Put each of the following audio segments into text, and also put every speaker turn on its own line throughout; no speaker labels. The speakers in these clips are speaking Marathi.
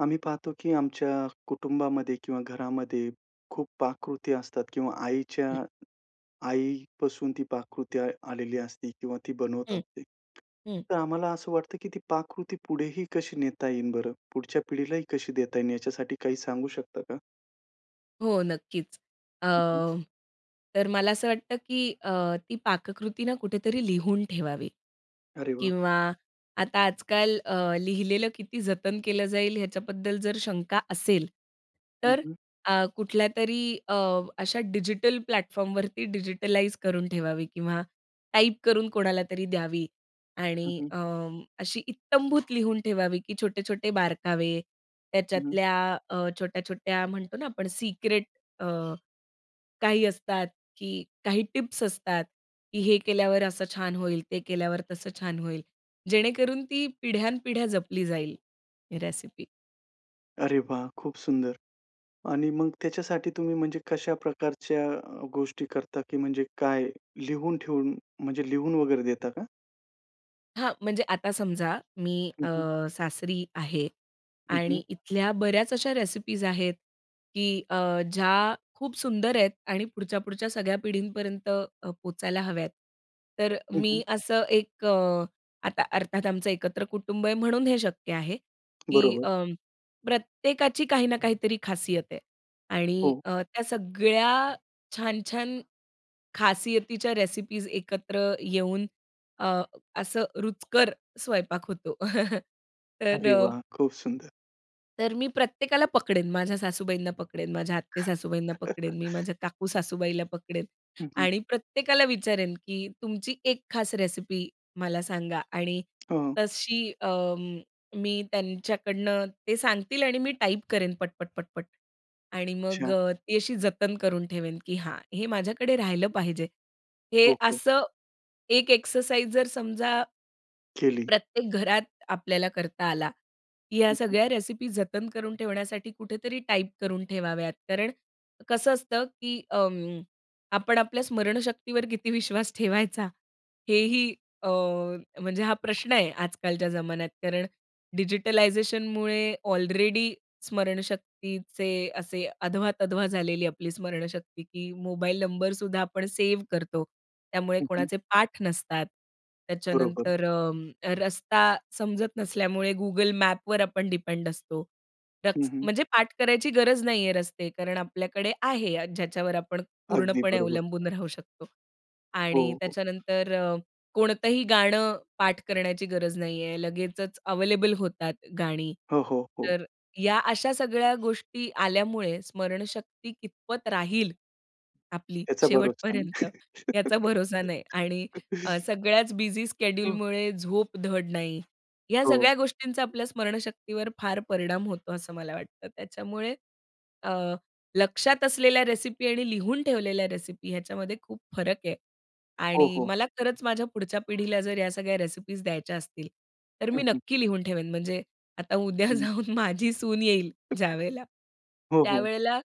आम्ही पाहतो की आमच्या कुटुंबामध्ये किंवा घरामध्ये खूप पाककृती असतात किंवा आईच्या आईपासून, ती पाककृती आ आलेली असते किंवा ती बनवत
हं,
असते.
हं.
तर आम्हाला असं वाटतं की ती पाककृती, पुढेही कशी नेता येईल बरं, पुढच्या पिढीलाही कशी देता येईल, याच्यासाठी काही सांगू शकता का?
हो, नक्कीच. अ,
हं, हं.
तर मला असं वाटतं की अ, ती पाककृती ना, कुठेतरी लिहून ठेवावी
अरे, वाह!
किंवा आता आजकाल अ, लिहिलेलं किती जतन केलं जाईल, याच्याबद्दल जर शंका असेल,
हं,
तर
हं.
अ, कुठल्यातरी, अ, अशा डिजिटल प्लॅटफॉर्मवरती, डिजिटलाइज करून ठेवावी किंवा टाईप करून कोणाला तरी द्यावी.
हं,
आणि
हं.
अ, अशी इत्तंभूत लिहून ठेवावी की छोटे-छोटे बारकावे,
हं, हं.
त्याच्यातल्या अ, छोट्या-छोट्या म्हणतो ना, आपण सीक्रेट अ, काही असतात की काही टिप्स असतात की हे केल्यावर, असं छान होईल, ते केल्यावर तसं छान होईल. जेणेकरून ती पिढ्यानपिढ्या जपली जाईल, ही रेसिपी.
अरे वाह! खूप सुंदर. आणि मग त्याच्यासाठी तुम्ही म्हणजे कशा प्रकारच्या अ, गोष्टी करता की म्हणजे काय लिहून-ठेवून म्हणजे लिहून वगैरे देता का?
हां, म्हणजे आता समजा मी
हं,
अ,
हं.
सासरी आहे
हं, हं.
आणि इथल्या बऱ्याच अशा रेसिपीज आहेत की अ, ज्या खूप सुंदर आहेत आणि पुढच्या-पुढच्या सगळ्या पिढींपर्यंत अ, पोहचायला हव्यात. तर
हं, हं.
मी असं एक अ, आता अर्थात आमचं एकत्र कुटुंब आहे म्हणून हे शक्य आहे की
बरोबर.
अं, प्रत्येकाची काही ना काहीतरी खासियत आहे आणि
हो.
अ, त्या सगळ्या छान-छान खासियतीच्या रेसिपीज एकत्र येऊन अ, असं रुचकर स्वयंपाक होतो. तर
अरे
अ
वाह! खूप सुंदर.
तर मी प्रत्येकाला पकडेन, माझ्या सासूबाईंना पकडेन, माझ्या आते-सासूबाईंना पकडेन, मी माझ्या काकू-सासूबाईला पकडेन
हं, हं.
आणि प्रत्येकाला विचारेन की तुमची 1 खास रेसिपी मला सांगा आणि
हं.
तशी अं, मी त्यांच्याकडनं ते सांगतील आणि मी टाईप करेन पट-पट-पट-पट आणि मग
अच्छा.
अ, ती अशी जतन करून ठेवेन की, हां हे माझ्याकडे राहिलं पाहिजे, हे
ओके.
असं एक एक्सरसाइज जर समजा,
केली.
प्रत्येक घरात आपल्याला करता आला, ह्या
हं, हं.
सगळ्या रेसिपी जतन करून ठेवण्यासाठी कुठेतरी टाईप करून ठेवाव्यात. कारण कसं असतं की अं, आपण आपल्या स्मरणशक्तीवर किती विश्वास ठेवायचा? हेही अ, म्हणजे हा प्रश्न आहे आजकालच्या जमान्यात. कारण डिजिटलायझेशनमुळे ऑलरेडी स्मरणशक्तीचे असे अधवा-तधवा झालेली आपली स्मरणशक्ती की मोबाईल नंबरसुद्धा आपण सेव्ह करतो. त्यामुळे
हं, हं.
कोणाचे पाठ नसतात.
बरोबर.
त्याच्यानंतर अ, रस्ता समजत नसल्यामुळे Google मॅपवर आपण डिपेंड असतो. रक
हं, हं.
म्हणजे पाठ करायची गरज नाहीये रस्ते कारण आपल्याकडे आहे, ज्याच्यावर आपण
अगदी
पूर्णपणे
बरोबर.
अवलंबून राहू शकतो.
हो,
आणि
हो.
त्याच्यानंतर अ, कोणतंही गाणं पाठ करण्याची गरज नाहीये, लगेचच अव्हेलेबल होतात गाणी.
हो, हो, हो.
तर या अशा सगळ्या गोष्टी आल्यामुळे स्मरणशक्ती कितपत राहील आपली
याचा भरोसा नाही.
शेवटपर्यंत, याचा भरोसा नाही. आणि अ, सगळ्याच बिझी
हो.
स्केड्यूलमुळे झोप धड नाही. ह्या
हो.
सगळ्या गोष्टींचा आपल्या स्मरणशक्तीवर फार परिणाम होतो, असं मला वाटतं. त्याच्यामुळे अ, लक्षात असलेल्या रेसिपी आणि लिहून ठेवलेल्या रेसिपी ह्याच्यामध्ये खूप फरक आहे.
हो,
आणि,
हो.
मला खरंच माझ्या पुढच्या पिढीला ह्या सगळ्या रेसिपीज द्यायच्या असतील, तर मी
हं, हं.
नक्की लिहून ठेवेन म्हणजे आता उद्या
हं.
जाऊन माझी सून येईल ज्यावेळेला
हो, हो.
त्यावेळेला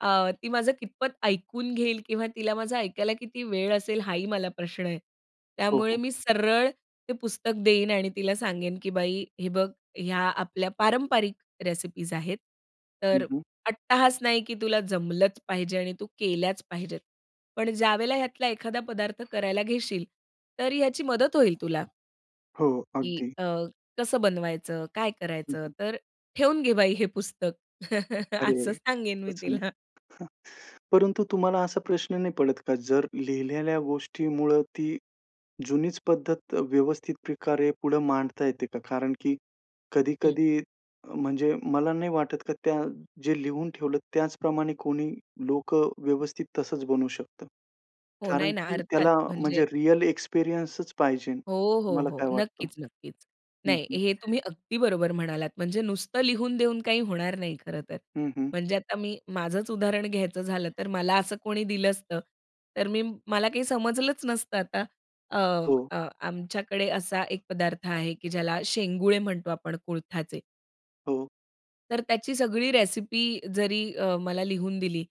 अ, ती माझं कितपत ऐकून घेईल किंवा तिला माझं ऐकायला किती वेळ असेल? हाही मला प्रश्न आहे.
हो,
त्यामुळे
हो.
मी सरळ ते पुस्तक देईन आणि तिला सांगेन की बाई, हे बघ ह्या आपल्या पारंपारिक रेसिपीज आहेत.
हं,
तर,
हं.
अट्टाहास नाही की तुला जमलंच पाहिजे आणि तू केल्याच पाहिजेत. पण ज्यावेळेला ह्यातला एखादा पदार्थ करायला घेशील तर याची मदत होईल तुला.
हो,
की
अगदी.
अ, कसं बनवायचं, काय
हं,
करायचं?
हं.
तर "ठेवून घे बाई हे पुस्तक,"
अरे
असं
रे!
सांगेन मी
खूपच सुंदर.
तिला.
परंतु तुम्हाला असा प्रश्न नाही पडत का, जर लिहिलेल्या गोष्टीमुळं ती जुनीच अ, पद्धत व्यवस्थित प्रकारे पुढे मांडता येते का? कारण, की
हं.
कधी-कधी, अ, म्हणजे मला नाही वाटत का त्या जे लिहून ठेवलं त्याचप्रमाणे कोणी लोकं व्यवस्थित तसंच बनू शकतं,
हो,
कारण,
नाही ना
की
अर्थात
त्याला
म्हणजे
म्हणजे रिअल एक्सपिरियन्सच पाहिजे.
हो, हो,
तुम्हाला
हो.
काय वाटतं?
नक्कीच, नक्कीच.
हं,
नाही
हं.
हे तुम्ही अगदी बरोबर म्हणालात. म्हणजे नुसतं लिहून देऊन काही होणार नाही, खरं तर.
हं, हं.
म्हणजे आता मी, माझंच उदाहरण घ्यायचं झालं तर मला असं कोणी दिलं असतं, तर मी मला काही समजलंच नसतं, आता. अ,
हो.
अ, आमच्याकडे असा एक पदार्थ आहे, की ज्याला शेंगुळे म्हणतो, आपण कुळथाचे.
हो.
तर त्याची सगळी रेसिपी जरी अ, मला लिहून दिली,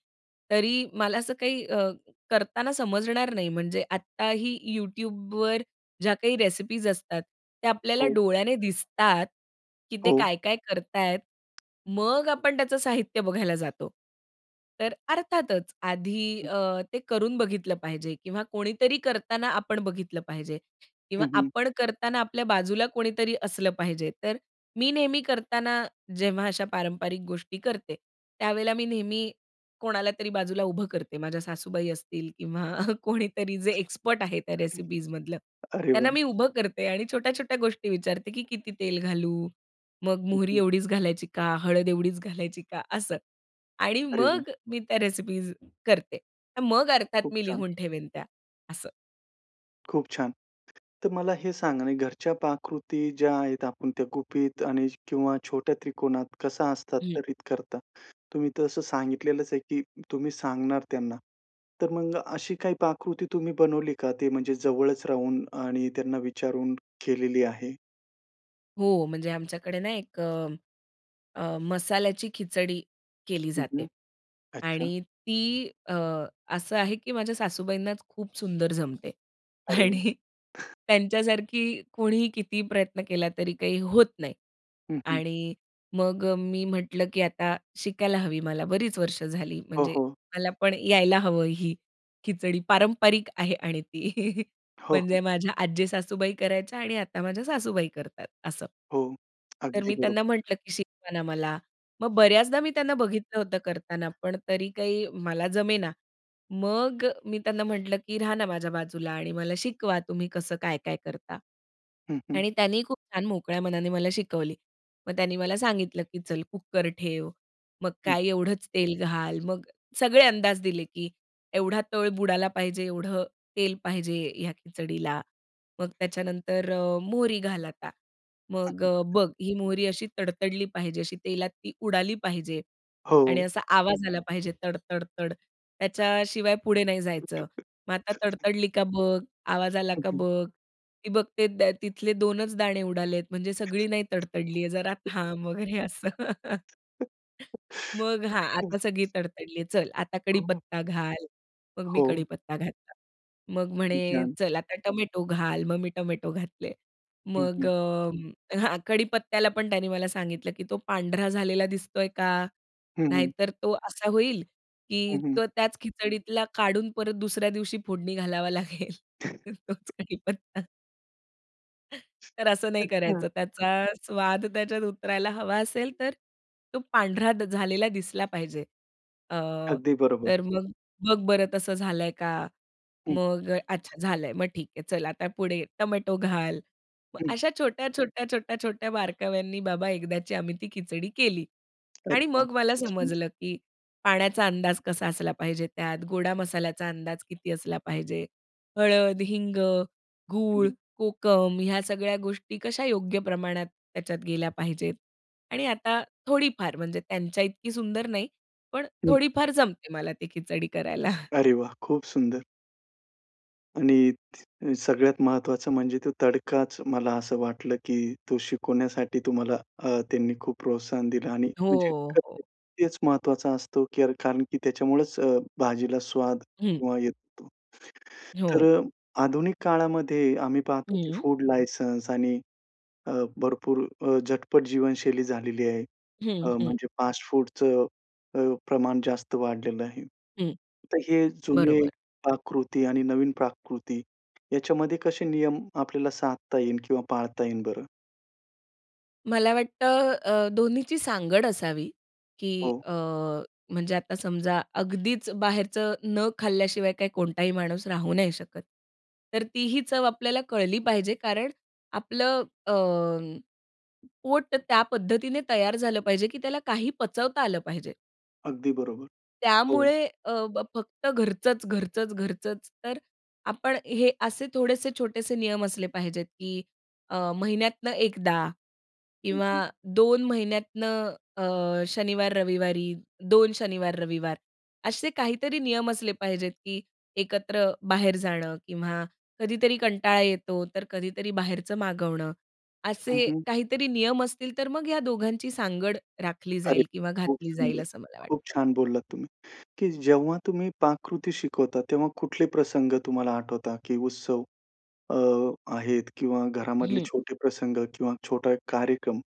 तरी मला असं काही अ, करताना समजणार नाही. म्हणजे आत्ताही YouTubeवर ज्या काही रेसिपीज असतात, त्या आपल्याला
हो.
डोळ्याने दिसतात, की ते
हो.
काय-काय करताय मग आपण त्याचं साहित्य बघायला जातो. तर अ, अर्थातच, आधी
हं.
अ, ते करून बघितलं पाहिजे किंवा कोणीतरी करताना, आपण बघितलं पाहिजे किंवा
हं, हं.
आपण करताना आपल्या बाजूला कोणीतरी असलं पाहिजे. तर मी नेहमी करताना, जेव्हा अशा पारंपरिक गोष्टी करते, त्यावेळेला मी नेहमी कोणाला तरी बाजूला उभं करते, माझ्या सासूबाई असतील किंवा कोणीतरी जे एक्सपर्ट आहे, त्या रेसिपीजमधलं
अरे
त्यांना
वाह!
मी उभं करते आणि छोट्या-छोट्या गोष्टी विचारते, की "किती तेल घालू? मग
हं,
मोहरी
हं.
एवढीच घालायची का? हळद एवढीच घालायची का?" असं. आणि
अरे वाह!
मग मी त्या रेसिपीज करते. अ, मग
खूप
अर्थात मी
छान!
लिहून ठेवेन त्या, असं.
खूप छान, तर मला हे सांगा ना, घरच्या पाककृती ज्या आहेत, आपण त्या गुपित आणि किंवा छोट्या त्रिकोणात कशा
हं.
हस्तांतरित करता? तुम्ही तर असं सांगितलेलंच आहे, की तुम्ही सांगणार त्यांना, तर मग अशी काही पाककृती तुम्ही बनवली का, ते म्हणजे जवळच राहून आणि त्यांना विचारून केलेली आहे?
हो, म्हणजे आमच्याकडे ना एक अ, अ, मसाल्याची खिचडी केली
हं,
जाते.
हं. अच्छा.
आणि ती अ, असं आहे की माझ्या सासूबाईंनाच खूप सुंदर जमते.
अरे वाह!
आणि त्यांच्यासारखी कोणीही कितीही प्रयत्न केला तरी काही होत नाही.
हं, हं.
आणि मग मी म्हटलं की आता शिकायला हवी, मला बरीच वर्षे झाली,
हो,
म्हणजे
हो.
मला पण यायला हवं ही, खिचडी पारंपरिक आहे आणि ती.
हो, हो.
म्हणजे माझ्या आजी सासूबाई करायच्या आणि आता माझ्या सासूबाई करतात, असं.
हो.
तर
अगदी
मी त्यांना
बरोबर.
म्हटलं, की "शिकवा ना मला." मग बऱ्याचदा मी त्यांना बघितलं होतं करताना, पण तरी काही मला जमेना. मग अ, मी त्यांना म्हटलं, की "राहा ना माझ्या बाजूला आणि मला शिकवा, तुम्ही कसं काय-काय करता."
हं, हं.
आणि त्यांनी खूप छान मोकळ्या मनाने मला शिकवली. मग त्यांनी मला सांगितलं, की "चल कुकर ठेव," मग
हं.
काय, "एवढंच तेल घाल." मग सगळे अंदाज दिले, की एवढा तळ बुडाला पाहिजे, एवढं तेल पाहिजे, ह्या खिचडीला. मग त्याच्यानंतर अ, "मोहरी घाल आता." मग अ, "बघ, ही मोहरी अशी तडतडली पाहिजे, अशी तेलात ती उडाली पाहिजे आणि
हो.
असा आवाज आला पाहिजे, तडतडतड, त्याच्याशिवाय पुढे नाही जायचं. मग आता तडतडली का? बघ, आवाज आला
हं,
का?
हं.
बघ, ती बघते तिथले दोनच दाणे उडालेत, म्हणजे सगळी नाही तडतडली आहे, जरा थांब वगैरे," असं. मग, "हां,
हं.
आता सगळी तडतडली, चल आता
हं.
कढीपत्ता घाल." मग मी
हो.
कढीपत्ता घातला, मग म्हणे,
किती छान.
"चल आता टोमॅटो घाल." मग मी टोमॅटो
हं.
घातले.
हं,
मग
हं.
अ, हां, कढीपत्त्याला पण त्यांनी मला सांगितलं, की "तो पांढरा झालेला दिसतोय का?
हं, हं.
नाहीतर तो असा होईल की,
हं, हं.
तो त्याच खिचडीतला काढून परत दुसऱ्या दिवशी फोडणी घालावा लागेल तोच कढीपत्ता." तर असं नाही
अच्छा.
करायचं, त्याचा स्वाद त्याच्यात उतरायला हवा असेल, तर तो पांढरा झालेला दिसला पाहिजे. अ,
अगदी, बरोबर.
तर मग, बघ बरं तसं झालंय का?
हं.
मग अच्छा झालंय, मग ठीक आहे, चल आता पुढे टोमॅटो घाल. मग
हं.
अशा छोट्या-छोट्या, छोट्या-छोट्या बारकाव्यांनी बाबा एकदाची, आम्ही ती खिचडी केली. आणि मग, मला
[unintelligible]
समजलं की पाण्याचा अंदाज कसा असला पाहिजे त्यात, गोडा मसाल्याचा अंदाज किती असला पाहिजे? हळद, हिंग, गूळ, कोकम ह्या सगळ्या गोष्टी, कशा योग्य प्रमाणात त्याच्यात गेल्या पाहिजेत? आणि आता थोडीफार, म्हणजे त्यांच्या इतकी सुंदर नाही, पण
हं.
थोडीफार जमते मला ते खिचडी करायला.
अरे, वाह! खूप सुंदर. आणि सगळ्यात महत्त्वाचं म्हणजे तो तडकाच मला असं वाटलं की तो शिकवण्यासाठी तुम्हाला अ, त्यांनी खूप प्रोत्साहन दिलं आणि म्हणजे
हो, हो.
तेच महत्त्वाचं असतं, कारण की त्याच्यामुळेच अ, भाजीला स्वाद
हं.
किंवा येतो. तर
हो.
अ, आधुनिक काळामध्ये आम्ही पाहतो की
हं.
फूड लायसन्स आणि अ, भरपूर अ, झटपट जीवनशैली झालेली आहे. अ,
हं, हं.
म्हणजे फास्टफूडचं अ,, प्रमाण जास्त वाढलेलं आहे.
हं.
तर हे, जुने
बरोबर.
पाककृती आणि नवीन पाककृती याच्यामध्ये कसे नियम आपल्याला साधता येईन किंवा पाळता येईन बरं?
मला वाटतं अ, दोन्हीची सांगड असावी. की
हो.
अ, म्हणजे आता समजा अगदीच बाहेरचं न खाल्ल्याशिवाय काय कोणताही माणूस राहू नाही शकत. तर तीही चव आपल्याला कळली पाहिजे, कारण आपलं अ, पोट त्या पद्धतीने तयार झालं पाहिजे, की त्याला काही पचवता आलं पाहिजे.
अगदी बरोबर. हो.
त्यामुळे अ, ब फक्त घरचंच, घरचंच, घरचंच. तर आपण हे असे थोडेसे छोटेसे नियम असले पाहिजेत, की अ, महिन्यातनं एकदा.
हं,
किंवा
हं.
2 महिन्यातनं अ, शनिवार, रविवारी, 2 शनिवार रविवार, असे काहीतरी नियम असले पाहिजेत, की एकत्र बाहेर जाणं किंवा कधीतरी कंटाळा येतो, तर कधीतरी बाहेरचं मागवणं.
हं,
असे
हं.
काहीतरी नियम असतील, तर मग या दोघांची सांगड राखली
अरे
जाईल
वाह!
किंवा
खूप
घातली जाईल,
सुंदर.
असं मला
खूप
वाटतं.
छान बोललात तुम्ही, की जेव्हा तुम्ही पाककृती शिकवता, तेव्हा कुठले प्रसंग तुम्हाला आठवता? की उत्सव अ, आहेत किंवा घरामधले
हं.
छोटे प्रसंग किंवा छोटा एक कार्यक्रम.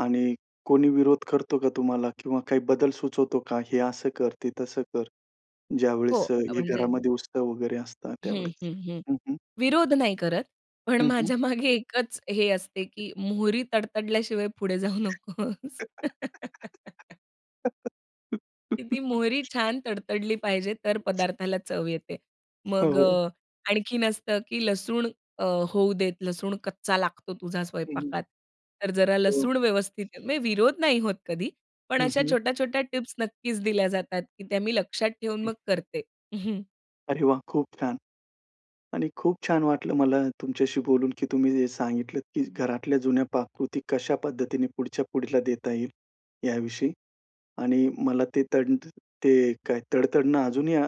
आणि कोणी विरोध करतो का तुम्हाला? किंवा काही बदल सुचवतो का? हे असं कर, ते तसं कर.
हो
ज्यावेळेस अ, हे
म्हणजे
घरामध्ये उत्सव वगैरे असतात
हं,
त्यावेळेस?
हं, हं.
हं, हं.
विरोध नाही करत पण.
हं, हं.
माझ्यामागे एकच हे असते की मोहरी तडतडल्याशिवाय पुढे जाऊ नकोस. की ती मोहरी छान तडतडली पाहिजे, तर पदार्थाला चव येते.
हो,
मग
हो.
अ, आणखीन असतं की लसूण अ, होऊ देत, लसूण कच्चा लागतो तुझा
हं, हं.
स्वयंपाकात. तर जरा
हो.
लसूण व्यवस्थित म्हणजे विरोध नाही होत कधी. पण
हं,
अशा
हं.
छोट्या-छोट्या टिप्स नक्कीच दिल्या जातात की त्या मी लक्षात ठेवून मग करते.
अरे वाह! खूप छान. आणि खूप छान वाटलं मला तुमच्याशी बोलून, की तुम्ही जे सांगितलत की घरातल्या जुन्या पाककृती कशा पद्धतीने पुढच्या पुढीला देता येईल, याविषयी. आणि मला ते तड ते काय तडतडणं अजूनही अ,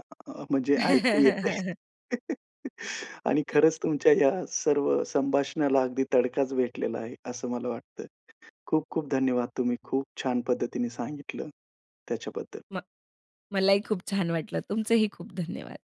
म्हणजे ऐकू येतंय. आणि खरंच तुमच्या या सर्व संभाषणाला अगदी तडकाच भेटलेला आहे. असं मला वाटतं. खूप खूप धन्यवाद. तुम्ही खूप छान पद्धतीने सांगितलं त्याच्याबद्दल.
म मला ही खूप छान वाटलं. तुमचंही खूप धन्यवाद.